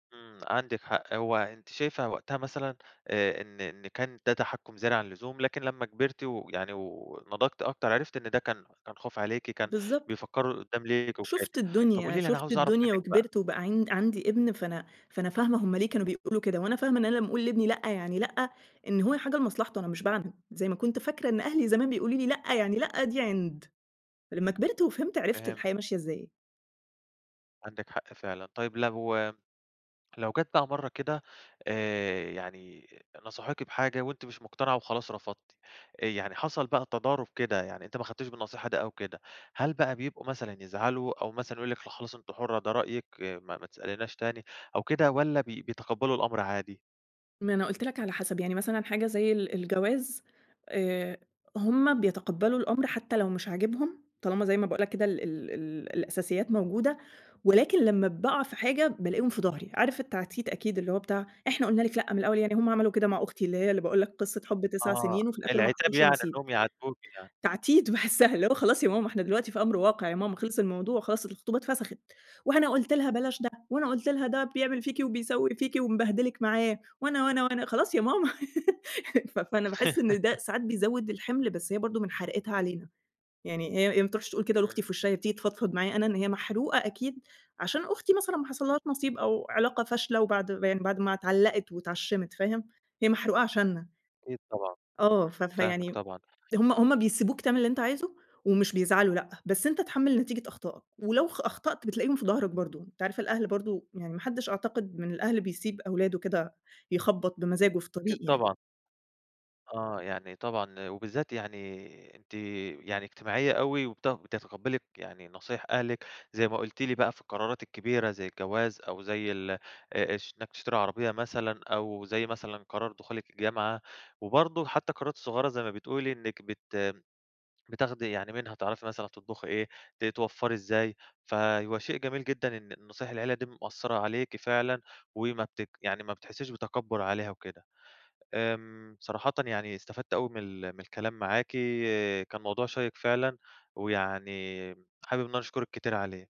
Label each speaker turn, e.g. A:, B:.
A: إمم عندِك حق هو أنتِ شايفة وقتها مثلًا آآ إن إن كان ده تحكُّم زيادة عن اللزوم لكن لمّا كبرتِ ويعني و ونضجتِ أكتر عرفتِ إن ده كان كان خوف عليكِ كان
B: بالضبط.
A: بيفكروا لقدّام ليكِ وكده
B: شُفت
A: طَب
B: الدنيا،
A: قولِي لي أنا
B: شُفت
A: عاوز أعرف
B: الدنيا
A: مِنّك بقى؟
B: وكبرت وبقى عِن عندي ابن فأنا فأنا فاهمة هُم ليه كانوا بيقُولوا كده وأنا فاهمة إن أنا لمّا أقُول لابني لأ يعني لأ إن هو لحاجة لمصلحته أنا مش باعنِد زي ما كنت فاكرة إن أهلي زمان بيقولوا لي لأ يعني لأ دي عِند لمّا كبرت وفهمت عرفت
A: فهمت.
B: الحياة ماشية إزاي.
A: عندِك حق فعلًا. طيب لو لو جات بقى مَرّة كده آآ يعني نصحوكي بحاجة وأنتِ مش مقتنعة وخلاص رفضتِ آآ يعني حصل بقى تضارب كده، يعني أنتِ ما خدتيش بالنصيحة دي أو كده هل بقى بيبقوا مثلًا يزعلوا أو مثلًا يقُولوا لِك لأ خلاص أنتِ حُرّة ده رأيِك ما ما تسأليناش تاني أو كده والّا بي بيتقبلوا الأمر عادي؟
B: ما أنا قُلت لك على حسب، يعني مثلًا حاجة زي ال الجواز آآ هُم بيتقبّلوا الأمر حتى لو مش عاجبهم طالما زي ما باقول لك كده ال ال الأساسيات موجودة ولكن لمّا باقع في حاجة بالاقيهم في ضهري. عارف التعديد أكيد اللي هو بتاع إحنا قُلنا لِك لأ من الأول يعني هُم عملوا كده مع أختي اللي هي اللي باقول لك قصة حُب 9
A: آه،
B: سنين وفي الآخر ما
A: العتاب
B: حصلش
A: يعني
B: نصيب
A: إنهم يعاتبوكِ آه.
B: تعديد باحسها اللي هو خلاص يا ماما إحنا دلوقتي في أمر واقع يا ماما خلِص الموضوع خلاص الخطوبة اتفسخِت وأنا قُلت لها بلاش ده وأنا قُلت لها ده بيعمل فيكِ وبيسوي فيكِ ومبهدلِك معاه وأنا وأنا وأنا خلاص يا ماما ف فأنا باحس إن ده ساعات بيزوّد الحِمل بس هي برضه من حُرقتها علينا، يعني هي هي ما بتروحش تقُول كده
A: إمم.
B: لأختي في وشّها هي بتيجي تفضفض معايا أنا إن هي محروقة أكيد عشان أختي مثلًا ما حصلهاش نصيب أو علاقة فاشلة وبعد ما يعني بعد ما اتعلّقت واتعشمت، فاهم، هي محروقة عشانّا.
A: أكيد طبعًا،
B: آه ف
A: إمم، فاهمِك
B: فيعني
A: طبعًا.
B: هُم هُم بيسيبوك تعمل اللي أنت عايزه ومش بيزعلوا لأ، بس أنت اتحمِّل نتيجة أخطائك ولو خ أخطأت بتلاقيهم في
A: إمم.
B: ضهرك برضه أنت عارف الأهل برضه يعني ما حدّش أعتقد من الأهل بيسيب أولاده كده يخبّط بمزاجه في
A: أكيد
B: طريق يعني.
A: طبعًا. آه يعني طبعًا وبالذات يعني أنتِ يعني اجتماعية أوي وبت بتتقبلي يعني نصايح أهلِك زي ما قُلتِ لي بقى في القرارات الكبيرة زي الجواز أو زي ال آآ اش إنك تشتري عربية مثلًا أو زي مثلًا قرار دخولِك الجامعة وبرضه حتى القرارات الصغيّرة زي ما بتقُولِي إنك بت بتاخدي يعني منها تعرفي مثلًا تطبخي إيه ت توفّري إزاي فهو شيء جميل جدًا إن نصايح العيلة دي مؤثرة عليكِ فعلًا وما بتك يعني ما بتحسّيش بتكبّر عليها وكده. آمم صراحةً يعني استفدت أوي من ال من الكلام معاكِ كان موضوع شيّق فعلًا ويعني حابب إن أنا أشكرِك كتير عليه.